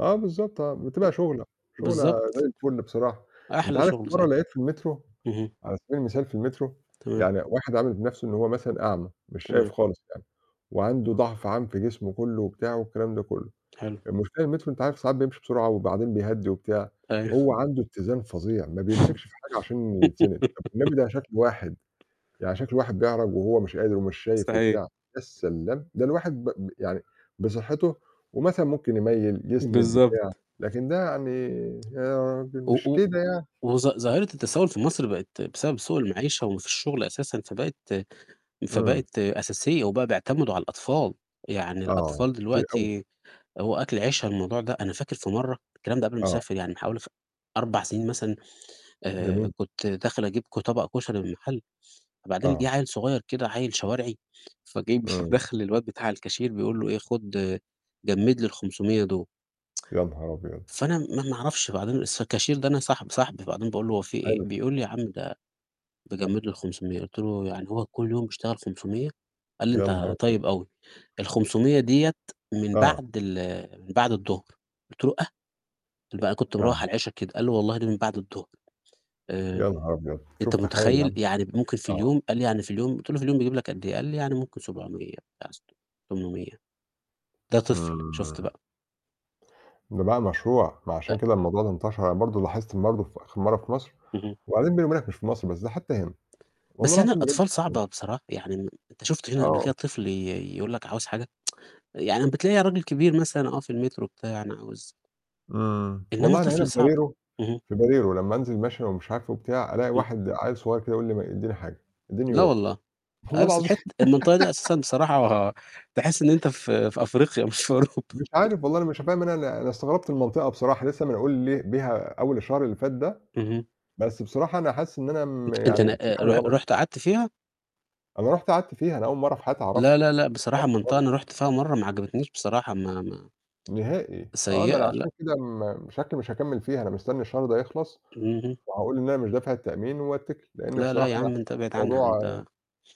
آه بالضبط، آه، ب بتبقى شُغلة، شُغلة زي بالضبط. الفُل بصراحة. أنت أحلى عارف في شُغل مرّة صحيح. لقيت في المترو اهم. على سبيل المثال في المترو تمام. يعني واحد عامل بنَفْسه إن هو مثلًا أعمى مش شايف تمام. خالص يعني وعنده ضَعْف عام في جسمه كلّه وبتاعه والكلام ده كلّه، حلو. المشكلة المترو أنت عارف ساعات بيمشي بسرعة وبعدين بيهّدي وبتاع، هو أيوه. عنده اتّزان فظيع ما بيمسكش في حاجة عشان يتسند، طَب والنبي ده شكل واحد يعني شكل واحد بيعرَج وهو مش قادر ومش شايف صحيح. وبتاع يا سلام، ده الواحد ب ب يعني بصحّته ومثلًا ممكن يميّل، يسند بتاع، بالضبط. لكن ده يعني يا راجل و مش و كده يعني. وظ ظاهرة التسوّل في مصر بقت بسبب سوء المعيشة وما فيش شُغل أساسًا، فبقت إمم. فبقت أساسية وبقى بيعتمدوا على الأطفال، يعني آه، الأطفال كتير أوي. دلوقتي هو أكل عيشها الموضوع ده. أنا فاكر في مرّة الكلام ده قبل ما آه. أسافر يعني بحوالي ف 4 سِنين مثلًا آآ، جميل. كنت داخل أجيب ك طبق كشري من المحل وبعدين جِه آه. عيّل صغير كده عيّل شوارعي، فجاي بي إمم. داخل للواد بتاع الكاشير بيقول له إيه: "خُد جمّد لي ال500 دُول." يا نهار أبيض! فأنا م ما أنا ما أعرفش بعدين اس الكاشير ده أنا صاحب صاحبي، فبعدين باقول له: "هو في إيه؟" حلو. بيقول لي: "يا عم ده باجمّد له ال500." قُلت له: "يعني هو كل يوم بيشتغل 500؟" قال لي: يا "أنت نهارأبيض! طيب أوي، ال500 ديّة من آه. بعد ال من بعد الضهر." قُلت له: "آه!" [unintelligible] كنت مروّح على آه. العِشا كده. قال لي: "والله دي من بعد الضهر." يا آآ، نهار أبيض! أنت شوف تخيّل يا متخيّل؟ عم؟ يعني ممكن في آه. اليوم قال لي: "يعني في اليوم" قُلت له: "في اليوم بيجيب لك قد إيه؟" قال لي: "يعني ممكن 700 لأ، ست 800." ده طفل شُفت إمم. بقى. ده بقى مشروع، ما أ عشان كده الموضوع ده انتشر. أنا برضه لاحظت برضه في آخِر مرّة في مصر اهم. وبعدين بيني وبينك مش في مصر بس ده حتى هنا، والله بس هنا العظيم بجد الأطفال صعبة [unintelligible] بصراحة، يعني م أنت شُفت هنا قبل كده آه. طفل ي يقول لك عاوز حاجة؟ يعني بتلاقي راجل كبير مثلًا آه في المترو بتاع، أنا عاوز إمم. إنّما والله أنا هنا طفل في صعب. بريرو اهم. في بريرو لمّا أنزل ممشى ومش عارف إيه وبتاع، ألاقي إمم. واحد عيّل صغير كده يقول لي ما إدّيني حاجة، إدّيني لا يورو. والله، آه والله بس العظيم. الحتّة المنطقة دي أساسًا بصراحة تحس إن أنت في في أفريقيا مش في أوروبا. مش عارف والله، أنا مش فاهم أنا أنا استغربت المنطقة بصراحة لسّه منقول لي بيها أول الشهر اللي فات ده، اهم. بس بصراحة أنا حاسس إن أنا م أنت أنت ن يعني في آآ، حاجة رح غلط. رُحت قعدت فيها؟ أنا رُحت قعدت فيها، أنا أول مرّة في حياتي أعرفها، لا، ما لا، لأ، كنتش بصراحة عارفها منطقة خالص. أنا رُحت فيها مرّة ما عجبتنيش بصراحة ما ما نهائي، آه، ما أنا سيّئة عشان لأ. كده م شكلي مش هكمِّل فيها، أنا مستني الشهر ده يخلص اهم. وهاقول إن أنا مش دافع التأمين وأتّكل، لإنّي لا، لا، بصراحة يا عم، أنا حاسس أنت إن أبعد عنها الموضوع أنت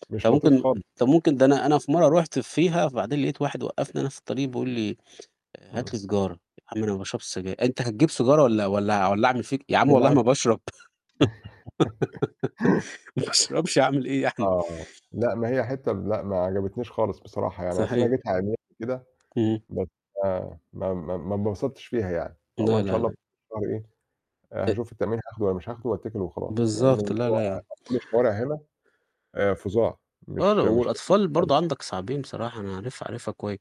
مش طَب ممكن لطيف خالص. آآ، طَب ممكن ده أنا أنا في مرّة رُحت فيها فبعدين لقيت واحد وقّفني أنا في الطريق بيقول لي: "هات إمم. لي سيجارة." "يا عم أنا باشربش سجاير." "أنت هتجيب سيجارة ولّا ولّا أع ولّا أعمل فيك." "يا عم والله بالعكس. ما باشرب." ما باشربش أعمل إيه يعني؟ آه، لأ، ما هي حتّة م لأ ما عجبتنيش خالص بصراحة، يعني أصل صحيح. أنا جيتها عمياني كده، إمم. بس ما ما ما ما اتبسطتش فيها يعني، فهو لا، إن شاء لا، الله لا. [unintelligible] إيه آآ أ هاشوف التأمين هاخده والّا مش هاخده وأتّكل وخلاص لإن بالضبط، لا، لا، يا الموضوع عم. كل الشوارع هنا آآ فظاع [unintelligible] مش مش لطيفة والأطفال برضه خالص. عندك صعبين بصراحة، أنا عارفها، عارفها كوي